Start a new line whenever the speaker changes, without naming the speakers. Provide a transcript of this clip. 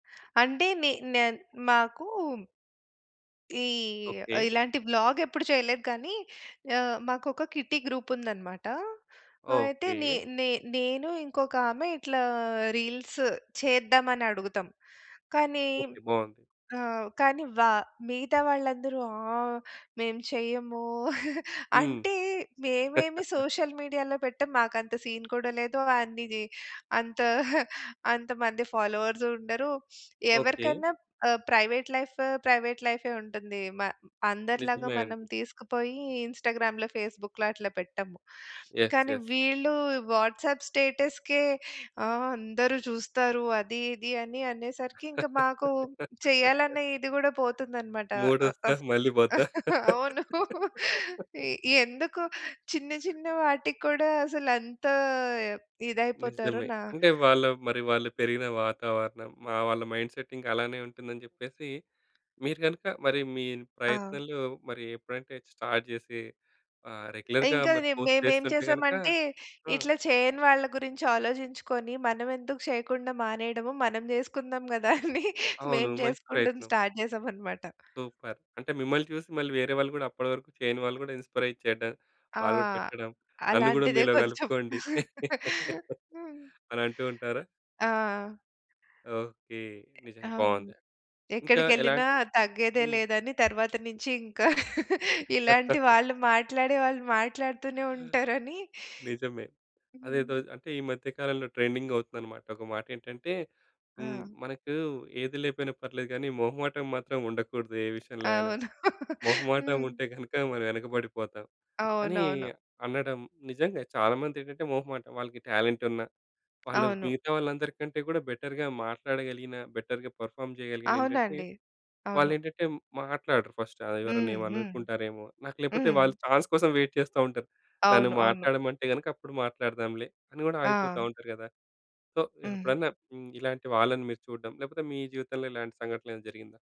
అంటే నే న మాకూ ఈ
ఓకే.
ఇలాంటి వ్లాగెప్పుడు చేయలేదు. కానీ ఆహ్, మాకొక కిట్టీ గ్రూప్ ఉందన్నమాట. అయితే నె
ఓకే.
నె నేను ఇంకొక ఆమె ఇట్లా రీల్స్ చేద్దామని అడుగుతాం. కానీ
ఓకే. బావుంది.
ఆహ్, కానీ వా మిగతా వాళ్ళందరూ ఆహ్, మేము చెయ్యము.
హ్మ్.
అంటే మేమేమి సోషల్ మీడియాలో పెట్టం. మాకంత సీన్ కూడా లేదు. అన్ని‌ది అంత అంత మంది ఫాలోవర్స్ ఉండరు.
ఓకే.
ఎవరికైనా ఆహ్, ప్రైవేట్ లైఫు ప్రైవేట్ లైఫే ఉంటుంది. మ అందరిలాగా
నిజమే అండి.
మనం తీసుకుపోయి ఇన్‌స్టాగ్రామ్‌లో ఫేస్‌బుక్‌లో అట్లా పెట్టము.
యెస్.
కానీ
యెస్.
వీళ్ళు వాట్సాప్ స్టేటస్‌కే "ఆ అందరూ చూస్తారు అది ఇది" అని అనేసరికి ఇంక మాకు చేయాలనే ఇది కూడా పోతుందన్నమాట అ!
మూడొస్తా
ఆహ్,
మళ్ళి పోతా.
అవును. ఈ ఎందుకు చిన్న చిన్న వాటికి కూడా అసలంత ఇదైపోతారో
నిజమే.
నా
అంటే వాళ్ళ మరి వాళ్ళు పెరిగిన వాతావరణం మా వాళ్ళ మైండ్‌సెట్ ఇంక అలానే ఉంటుందని జెప్పేసి మీరు గనుక మరి మీ ఈ
ఆ!
ప్రయత్నంలో మరి ఎప్పుడంటే స్టార్ట్ జేసి ఆహ్, రెగ్యులర్‌గా
ఇంక
మరి
రి
పోస్ట్
మేమేం
జేస్తుంటే గనుక
చేసామంటే
ఆ!
ఇట్లా చేయని వాళ్ళ గురించి ఆలోజించుకొని మనమెందుకు చేయకుండా మానేయడము? మనం జేసుకుందాం గదా! అని
అవును.
మేము
మంచి
జేసుకుంటం
ప్రయత్నం.
స్టార్ట్ జేసామన్నమాట.
సూపర్. అంటే మిమ్మల్ని చూసి మళ్ళీ వేరే వాళ్ళు గూడా అప్పటి వరకు చేయని వాళ్ళు గూడా ఇన్‌స్పైరయ్యి చేయడం
ఆ!
వాళ్ళు కూడా పెట్టడం నన్ను కూడా
అలాంటిదే
మీలో
కొంచెం.
కలుపుకోండి,
హ్మ్.
అని అంటూ ఉంటారా?
ఆ!
ఓకే. నిజంగా
అవును.
బావుంది! ఇంకా
ఎక్కడికెళ్ళినా
ఎలాంటి
తగ్గేదే
హ్మ్.
లేదని తరువాత నుంచి ఇంకా ఇలాంటి వాళ్ళు మాట్లాడే వాళ్ళు మాట్లాడుతూనే ఉంటారని
నిజమే.
హ్మ్.
అదేదో అంటే ఈ మధ్య కాలంలో ట్రెండింగవుతుందనమాట. ఒక మాటేంటంటే హ్మ్.
ఆ!
మనకు ఏది లేపోయినా పర్లేదు గానీ మొహమాటం మాత్రం ఉండకూడదు ఏ విషయంలో అయినా.
అవును.
మొహమాటం
హ్మ్.
ఉంటే గనక మనం ఎనకబడిపోతాం అని
అవునవును.
అనడం. నిజంగా చాలామందేంటంటే మొహమాటం. వాళ్ళకి టాలెంట్ ఉన్న వాళ్ళు
అవును.
మిగతా వాళ్ళందరి కంటే గూడా బెటర్‌గా మాట్లాడగలిగినా బెటర్‌గా పెర్ఫార్మ్ జేయగలిగిన ఏంటంటే,
అవునండి. అవును.
వాళ్ళేంటంటే మాట్లాడరు ఫస్టు. ఆ ఎవరైనా
హ్మ్, హ్మ్.
ఏమైననుకుంటారేమో! నాకు లేకపోతే
హ్మ్.
వాళ్ళు ఛాన్స్ కోసం వెయిట్ చేస్తా ఉంటారు. నన్ను
అవును, అవును.
మాట్లాడమంటే గనక అప్పుడు మాట్లాడదాంలే, అని కూడా ఆగిపోతా
ఆ!
ఉంటారు గదా! సో
హ్మ్.
ఎప్పుడన్నా హ్మ్ ఇలాంటి వాళ్ళని మీరు చూడడం లేకపోతే మీ జీవితంలో ఇలాంటి సంఘటనలేమైనా జరిగిందా?